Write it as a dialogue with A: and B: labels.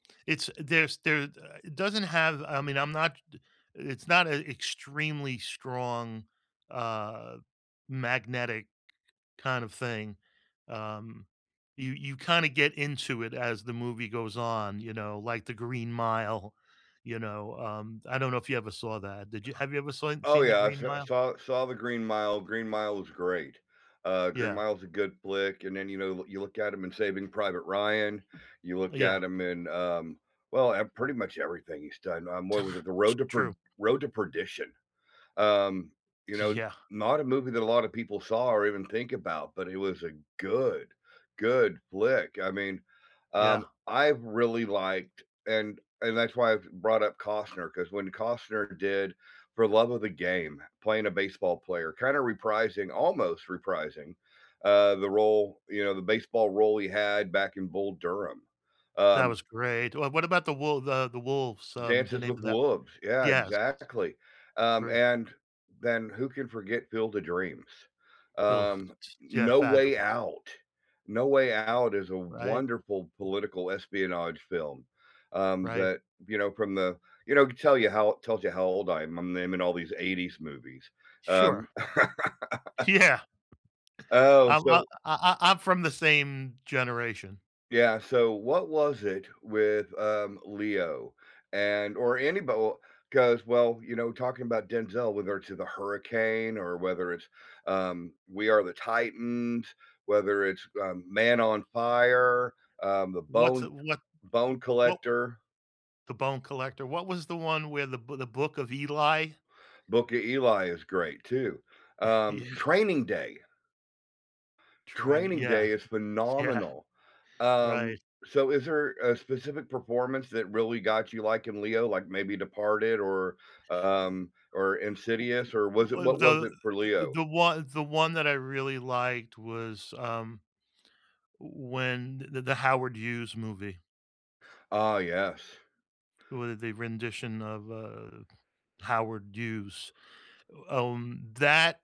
A: It's there's there, uh it doesn't have I mean, I'm not it's not a extremely strong, uh, magnetic kind of thing, um, you you kinda get into it as the movie goes on, you know, like The Green Mile, you know? Um, I don't know if you ever saw that, did you have you ever saw
B: Oh,
A: seen The
B: yeah, I s
A: Green
B: I
A: Mile?
B: saw saw The Green Mile, Green Mile is great. Uh, Green
A: Yeah.
B: Mile is a good flick, and then, you know, l you look at him in Saving Private Ryan, you
A: Uh,
B: look
A: yeah.
B: at him in, um, well, eh, pretty much everything he's done, um, what was it? The
A: It's
B: Road to Per
A: true.
B: Road to Perdition. Um, you
A: Gee,
B: know,
A: yeah.
B: not a movie that a lotta people saw or even think about, but it was a good, good flick, I mean, um,
A: Yeah.
B: I've really liked and and that's why I've brought up Costner, 'cause when Costner did For Love of the Game, playing a baseball player, kinda reprising- almost reprising- uh, the role you know, the baseball role he had back in Bull Durham,
A: That
B: um
A: was great. Wha what about The Wolv The The Wolves, um, the
B: Dances
A: name
B: with
A: of that?
B: Wolves, yeah,
A: Yes.
B: exactly. Um,
A: Great.
B: and then who can forget Field of Dreams?
A: [unintelligible]
B: Um,
A: S Yeah,
B: No Way
A: fabulous.
B: Out. No Way Out is a
A: Right.
B: wonderful political espionage film, um,
A: Right.
B: that, you know, from the you know, it could tell you how it tells you how old I am, I'm naming all these 80s movies. Um
A: Sure. Yeah.
B: Oh,
A: Um, uh,
B: so
A: I I I'm from the same generation.
B: Yeah, so what was it with, um, Leo, and or anybo well, 'cause, well, you know, talking about Denzel, whether it's in The Hurricane, or whether it's, um, We Are the Titans, whether it's, um, Man on Fire, um, The
A: What's,
B: Bone
A: uh what
B: Bone
A: what w
B: Collector
A: The Bone Collector, what was the one where, The Boo The Book of Eli?
B: Book of Eli is great, too. Um,
A: Yeah.
B: Training Day!
A: Traini
B: Training
A: yeah.
B: Day is
A: S yeah.
B: phenomenal.
A: Right.
B: Um, so is there a specific performance that really got you, like, in Leo, like, maybe Departed, or,
A: Ooh
B: um or Insidious, or was it
A: Wha Wha
B: what was
A: the
B: it for
A: th
B: Leo?
A: the one the one that I really liked was, um, when the the Howard Hughes movie.
B: Ah, yes.
A: W the rendition of, uh, Howard Hughes, um, that